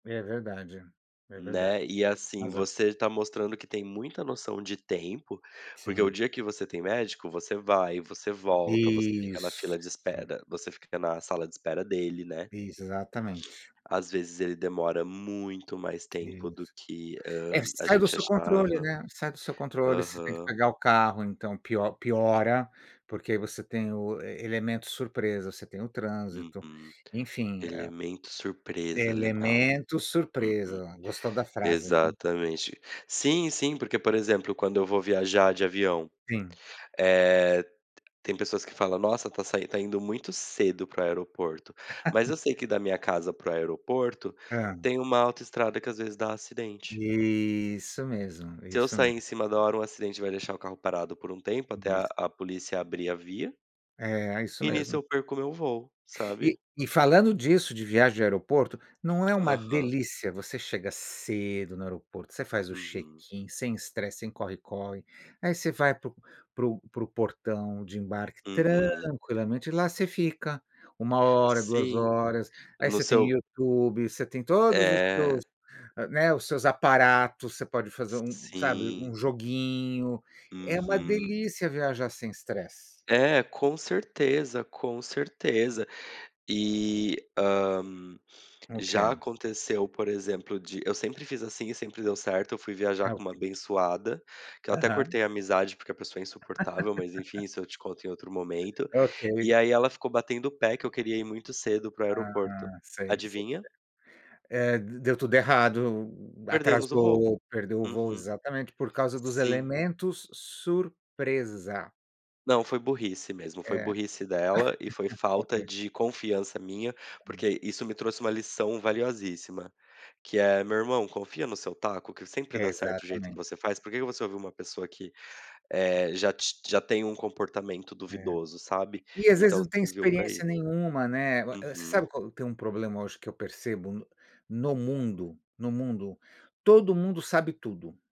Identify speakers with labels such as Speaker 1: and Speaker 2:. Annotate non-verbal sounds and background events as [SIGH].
Speaker 1: É verdade, é verdade.
Speaker 2: Né,
Speaker 1: [UNINTELLIGIBLE]
Speaker 2: e
Speaker 1: tem
Speaker 2: assim,
Speaker 1: razão.
Speaker 2: você tá mostrando que tem muita noção de tempo, porque o
Speaker 1: Sim.
Speaker 2: dia que você tem médico, você vai, você volta, você fica na
Speaker 1: Isso.
Speaker 2: fila de
Speaker 1: Sim.
Speaker 2: espera você fica na sala de espera dele, né.
Speaker 1: Exatamente.
Speaker 2: [SNIFFS] Às vezes ele demora muito mais
Speaker 1: E é
Speaker 2: tempo do
Speaker 1: isso.
Speaker 2: que, hã,
Speaker 1: É,
Speaker 2: a
Speaker 1: sai do
Speaker 2: gente
Speaker 1: seu controle,
Speaker 2: achava.
Speaker 1: né, sai do seu controle, você tem que
Speaker 2: Aham.
Speaker 1: pagar o carro, então, pio piora, porque você tem o elemento surpresa, você tem o trânsito,
Speaker 2: Uhum.
Speaker 1: enfim, a
Speaker 2: "Elemento surpresa", legal.
Speaker 1: "Elemento
Speaker 2: Uhum.
Speaker 1: surpresa". Gostou da frase, né.
Speaker 2: Exatamente. Sim, sim, porque, por exemplo, quando eu vou viajar de avião,
Speaker 1: Sim.
Speaker 2: eh, t tem pessoas que fala: "Nossa tá saindo tá indo muito cedo para o aeroporto", mas eu
Speaker 1: [LAUGHS]
Speaker 2: sei que da minha casa para o aeroporto,
Speaker 1: Hã.
Speaker 2: tem uma autoestrada que às vezes dá acidente
Speaker 1: Isso mesmo,
Speaker 2: se eu
Speaker 1: isso
Speaker 2: sair em
Speaker 1: mesmo.
Speaker 2: cima da hora, um acidente vai deixar o carro parado por um tempo, até
Speaker 1: Isso.
Speaker 2: a a polícia abrir a via
Speaker 1: É, é isso
Speaker 2: e nisso
Speaker 1: mesmo.
Speaker 2: eu perco o meu voo,
Speaker 1: E
Speaker 2: sabe.
Speaker 1: e falando disso, de viagem de aeroporto, não é uma
Speaker 2: Aham.
Speaker 1: delícia, você chega cedo no aeroporto, você faz o
Speaker 2: Uhum.
Speaker 1: check-in, sem estresse, sem corre-corre. Aí você vai pro pro pro portão de embarque
Speaker 2: Uhum.
Speaker 1: tranquilamente, lá você fica 1 hora, 2
Speaker 2: Sim,
Speaker 1: horas. Aí
Speaker 2: no
Speaker 1: você tem
Speaker 2: seu
Speaker 1: YouTube, você tem todos os
Speaker 2: É.
Speaker 1: seus, né, os seus aparatos, você pode fazer
Speaker 2: Si
Speaker 1: um sabe,
Speaker 2: sim.
Speaker 1: um joguinho. É uma
Speaker 2: Uhum.
Speaker 1: delícia viajar sem estresse.
Speaker 2: É, com certeza, com certeza. Eh, hã,
Speaker 1: O
Speaker 2: já
Speaker 1: que?
Speaker 2: aconteceu, por exemplo, de eu sempre fiz assim, sempre deu certo, fui viajar
Speaker 1: É o
Speaker 2: com uma
Speaker 1: que?
Speaker 2: abençoada, que eu até
Speaker 1: Aham.
Speaker 2: cortei a amizade porque a pessoa é insuportável, mas, enfim,
Speaker 1: [LAUGHS]
Speaker 2: isso eu te conto em outro momento,
Speaker 1: Ok.
Speaker 2: e aí ela ficou batendo o pé que eu queria ir muito cedo para o aeroporto.
Speaker 1: Ah, sei. [UNINTELLIGIBLE]
Speaker 2: Adivinha?
Speaker 1: É d deu tudo errado,
Speaker 2: Perdemos o
Speaker 1: atrasou
Speaker 2: voo.
Speaker 1: ou perdeu o voo
Speaker 2: Uhum.
Speaker 1: exatamente, por causa dos
Speaker 2: Sim.
Speaker 1: elementos surpresa.
Speaker 2: Não, foi burrice mesmo,
Speaker 1: É.
Speaker 2: burrice dela, e foi
Speaker 1: [LAUGHS]
Speaker 2: falta
Speaker 1: Ok.
Speaker 2: de confiança minha, porque isso me trouxe uma lição valiosíssima, que é: "Meu irmão, confia no seu taco que sempre dá certo jeito que
Speaker 1: Exatamente.
Speaker 2: você faz, por que que você ouviu uma pessoa que, eh, já ti já tem um comportamento
Speaker 1: É.
Speaker 2: duvidoso", sabe?
Speaker 1: E às vezes
Speaker 2: Então
Speaker 1: não tem
Speaker 2: serviu pra isso.
Speaker 1: experiência nenhuma, né. Uh, eh você
Speaker 2: Uhum.
Speaker 1: sabe qual tem um problema hoje que eu percebo no no mundo? No mundo? Todo mundo sabe tudo.